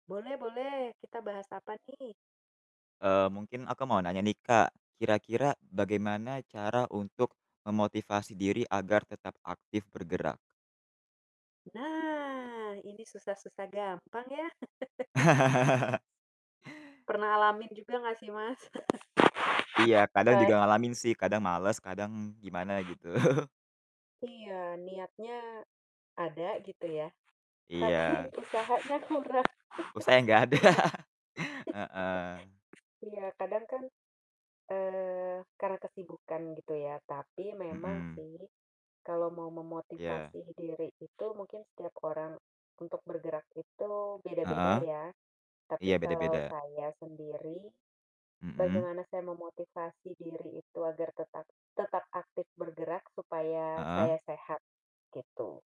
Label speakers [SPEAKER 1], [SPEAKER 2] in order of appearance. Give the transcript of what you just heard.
[SPEAKER 1] Boleh boleh kita bahas apa nih?
[SPEAKER 2] Eee, mungkin aku mau nanya nih, Kak, kira-kira bagaimana cara untuk memotivasi diri agar tetap aktif bergerak?
[SPEAKER 1] Nah, ini susah-susah gampang ya. Pernah alamin juga gak sih, Mas?
[SPEAKER 2] Iya, kadang
[SPEAKER 1] Eee
[SPEAKER 2] juga ngalamin sih, kadang males kadang gimana gitu.
[SPEAKER 1] Iya, niatnya ada gitu ya, tapi
[SPEAKER 2] Iya.
[SPEAKER 1] usahanya kurang
[SPEAKER 2] Usahanya gak ada,
[SPEAKER 1] niat.
[SPEAKER 2] heeh.
[SPEAKER 1] Iya, kadang kan, eee, karena kesibukan gitu ya, tapi memang
[SPEAKER 2] Mhm.
[SPEAKER 1] sih kalau mau
[SPEAKER 2] Iya.
[SPEAKER 1] memotivasi diri itu mungkin setiap orang untuk bergerak itu
[SPEAKER 2] Heeh?
[SPEAKER 1] beda-beda ya,
[SPEAKER 2] Iya,
[SPEAKER 1] tapi kalau
[SPEAKER 2] beda-beda.
[SPEAKER 1] saya sendiri
[SPEAKER 2] Mhm.
[SPEAKER 1] bagaimana saya memotivasi diri itu agar tetap tetap aktif bergerak supaya
[SPEAKER 2] Heeh.
[SPEAKER 1] saya sehat, gitu.